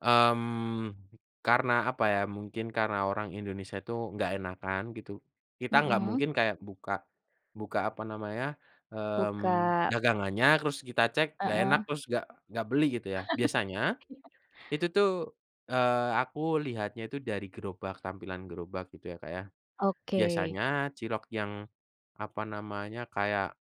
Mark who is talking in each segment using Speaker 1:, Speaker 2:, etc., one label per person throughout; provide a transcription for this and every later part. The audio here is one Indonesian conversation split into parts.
Speaker 1: Mmm, karena apa ya, mungkin karena orang Indonesia itu nggak enakan gitu. Kita nggak
Speaker 2: Mhm.
Speaker 1: mungkin kayak buka buka apa namanya, mmm,
Speaker 2: Buka
Speaker 1: dagangannya terus kita cek nggak enak,
Speaker 2: Heeh.
Speaker 1: terus nggak nggak beli gitu ya. Biasanya,
Speaker 2: Iya.
Speaker 1: itu tuh, eee, aku lihatnya itu dari gerobak, tampilan gerobak gitu ya, Kak, ya.
Speaker 2: Oke.
Speaker 1: Biasanya cilok yang, apa namanya, kayak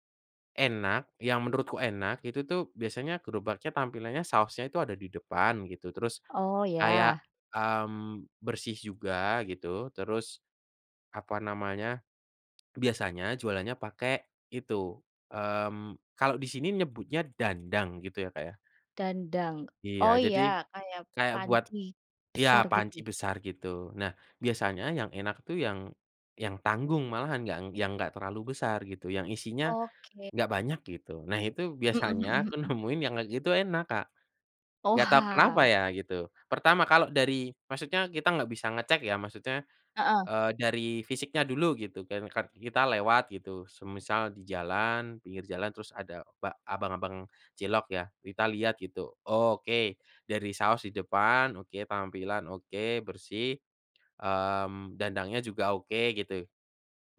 Speaker 1: enak, yang menurutku enak itu tuh biasanya gerobaknya tampilannya sausnya itu ada di depan gitu, terus
Speaker 2: Oh
Speaker 1: kayak,
Speaker 2: ya.
Speaker 1: mmm, bersih juga gitu, terus apa namanya, biasanya jualannya pakai itu, mmm, kalau di sini nyebutnya dandang gitu ya, Kak, ya.
Speaker 2: Dandang,
Speaker 1: Iya
Speaker 2: oh
Speaker 1: jadi,
Speaker 2: ya kayak
Speaker 1: kayak buat
Speaker 2: panci,
Speaker 1: iya
Speaker 2: besar gitu?
Speaker 1: panci besar gitu. Nah, biasanya yang enak tuh yang yang tanggung malahan, nggang yang enggak terlalu besar gitu, yang isinya,
Speaker 2: Oke.
Speaker 1: nggak banyak gitu. Nah itu,
Speaker 2: Mhm
Speaker 1: biasanya
Speaker 2: mhm
Speaker 1: aku
Speaker 2: mhm.
Speaker 1: nemuin yang kayak gitu enak, Kak. Nggak tau kenapa
Speaker 2: Oha.
Speaker 1: ya gitu, pertama kalau dari maksudnya kita nggak bisa ngecek ya maksudnya,
Speaker 2: Heeh.
Speaker 1: eee, dari fisiknya dulu gitu kan, kar kita lewat gitu semisal di jalan, pinggir jalan terus ada ba abang-abang cilok ya, kita lihat gitu, oke dari saus di depan, oke tampilan, oke bersih, mmm, dandangnya juga oke gitu,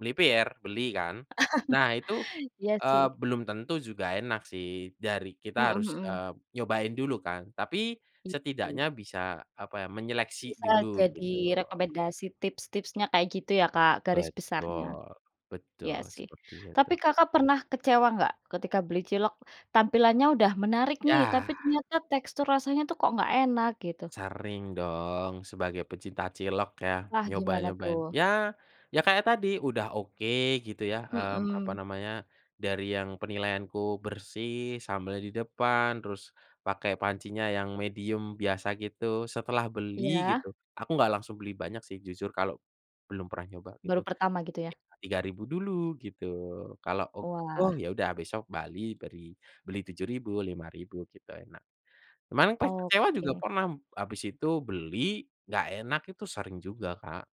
Speaker 1: melipir beli kan. Nah itu,
Speaker 2: Iya
Speaker 1: eee,
Speaker 2: sih.
Speaker 1: belum tentu juga enak sih, dari kita
Speaker 2: Mmm,
Speaker 1: harus,
Speaker 2: mhm.
Speaker 1: eee, nyobain dulu kan. Tapi
Speaker 2: Gitu.
Speaker 1: setidaknya bisa, apa ya, menyeleksi
Speaker 2: Bisa
Speaker 1: dulu
Speaker 2: jadi
Speaker 1: gitu.
Speaker 2: rekomendasi tips-tipsnya kayak gitu ya, Kak, garis besarnya.
Speaker 1: Betul
Speaker 2: Iya
Speaker 1: betul
Speaker 2: sih.
Speaker 1: sepertinya
Speaker 2: Tapi
Speaker 1: tuh.
Speaker 2: Kakak pernah kecewa nggak, ketika beli cilok tampilannya udah menarik nih
Speaker 1: Yah.
Speaker 2: tapi ternyata tekstur rasanya tuh kok nggak enak gitu?
Speaker 1: Sering dong, sebagai pecinta cilok ya,
Speaker 2: Wah gimana
Speaker 1: nyoba-nyobain,
Speaker 2: tuh?
Speaker 1: ya ya kayak tadi, udah oke gitu ya, mmm, apa
Speaker 2: Mhm.
Speaker 1: namanya, dari yang penilaianku bersih sambel di depan, terus pakai pancinya yang medium biasa gitu, setelah beli gitu
Speaker 2: Iya.
Speaker 1: aku nggak langsung beli banyak sih jujur kalau belum pernah nyoba gitu,
Speaker 2: Baru pertama gitu
Speaker 1: mungkin
Speaker 2: ya?
Speaker 1: entah Rp3.000 dulu gitu, kalau ok oh
Speaker 2: Wah.
Speaker 1: ya udah besok bali beri beli Rp7.000, Rp5.000 gitu enak. Kemarin kecewa juga
Speaker 2: Oke.
Speaker 1: pernah m habis itu beli, nggak enak itu sering juga, Kak.